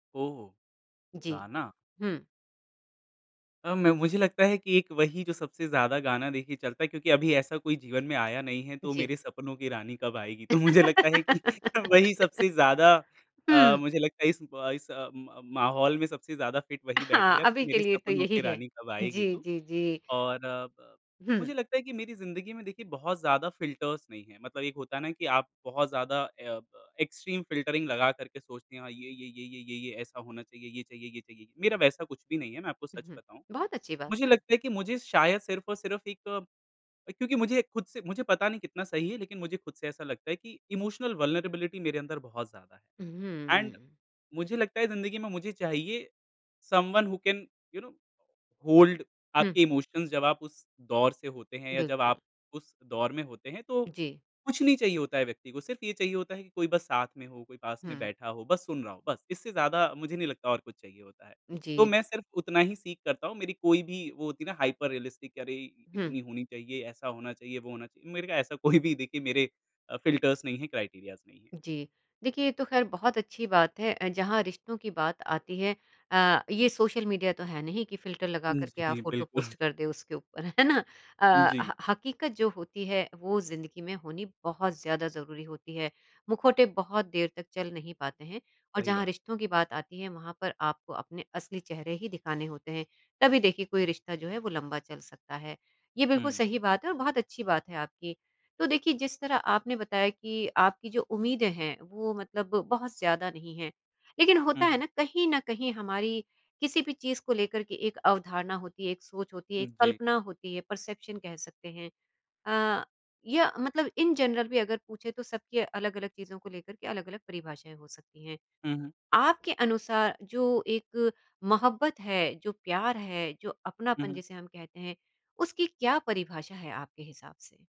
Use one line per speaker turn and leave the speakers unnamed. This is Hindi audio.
ओहो,
जी,
गाना।
हुँ।
अ, म मुझे लगता है कि एक वही जो सबसे ज़्यादा गाना देखिए चलता है, क्योंकि अभी ऐसा कोई जीवन में आया नहीं है तो
जी।
मेरे सपनों की रानी कब आएगी तो मुझे लगता है कि वही सबसे ज़्यादा अ,
हुँ।
मुझे लगता है इस ब इस अ, म माहौल में सबसे ज़्यादा फिट वही
हाँ,
बैठेगा
अभी
कि
के
मेरे
लिए तो
सपनों
यही
की
है।
रानी कब आएगी
जी,
तू।
जी, जी।
और अ, ब
हुँ।
मुझे लगता है कि मेरी ज़िंदगी में देखिए बहुत ज़्यादा फिल्टर्स नहीं हैं। मतलब एक होता है ना कि आप बहुत ज़्यादा अ, ब एक्सट्रीम फिल्टरिंग लगाकर के सोचते हैं, हाँ, ये ये ये ये ये ये ऐसा होना चाहिए, ये चाहिए ये चाहिए, मेरा वैसा कुछ भी नहीं है, मैं आपको
उ,
सच
हुँ।
बताऊँ।
बहुत अच्छी बात
मुझे
है।
लगता है कि मुझे शायद सिर्फ़ और सिर्फ़ एक क्योंकि मुझे खुद से मुझे पता नहीं कितना सही है, लेकिन मुझे खुद से ऐसा लगता है कि इमोशनल वल्नरेबिलिटी मेरे अंदर बहुत ज़्यादा
हुँ,
है। एंड
हुँ।
मुझे लगता है ज़िंदगी में मुझे चाहिए, someone who can you know hold
हुँ।
आपके इमोशंस जब आप उस दौर से होते हैं या जब
बिल्कुल।
आप उस दौर में होते हैं तो
जी।
कुछ नहीं चाहिए होता है व्यक्ति को। सिर्फ़ ये चाहिए होता है कि कोई बस साथ में हो, कोई पास में
हुँ।
बैठा हो, बस सुन रहा हो बस, इससे ज़्यादा मुझे नहीं लगता और कुछ चाहिए होता है, तो
जी।
मैं सिर्फ़ उतना ही सीक करता हूँ। मेरी कोई भी वो होती है ना हाइपर रियलिस्टिक कि अरे,
हुँ।
इतनी होनी चाहिए, ऐसा होना चाहिए, वो होना चाहिए, मेरे को ऐसा कोई भी देखिए मेरे फिल्टर्स नहीं हैं, क्राइटीरियाज़ नहीं हैं।
जी, देखिए ये तो खैर बहुत अच्छी बात है, अ, जहाँ रिश्तों की बात आती है अ, ये सोशल मीडिया तो है नहीं कि फिल्टर लगा
उ,
कर के आप
जी,
फ़ोटो
बिल्कुल।
पोस्ट कर दें उसके ऊपर है ना?
हुँ,
अ,
जी।
ह हकीकत जो होती है वो ज़िंदगी में होनी बहुत ज़्यादा ज़रूरी होती है, मुखौटे बहुत देर तक चल नहीं पाते हैं और
सही
जहाँ
बात।
रिश्तों की बात आती है वहाँ पर आपको अपने असली चेहरे ही दिखाने होते हैं, तभी देखिए कोई रिश्ता जो है वो लंबा चल सकता है। ये बिल्कुल
हुँ।
सही बात है और बहुत अच्छी बात है आपकी, तो देखिए जिस तरह आपने बताया कि आपकी जो उम्मीदें हैं, वो मतलब बहुत ज़्यादा नहीं हैं, लेकिन
हुँ,
होता है
हुँ।
ना कहीं न कहीं हमारी किसी भी चीज़ को लेकर के एक अवधारणा होती है, एक सोच होती है,
हुँ,
एक
जी।
कल्पना होती है, परसेप्शन कह सकते हैं। अ, या मतलब इन जनरल भी अगर पूछे तो सबकी अलग-अलग चीज़ों को लेकर के अलग-अलग परिभाषाएँ हो सकती हैं।
हुँ, हुँ।
आपके अनुसार जो एक मोहब्बत है, जो प्यार है, जो
हुँ,
अपनापन
हुँ।
जिसे हम कहते हैं, उसकी क्या परिभाषा है आपके हिसाब से?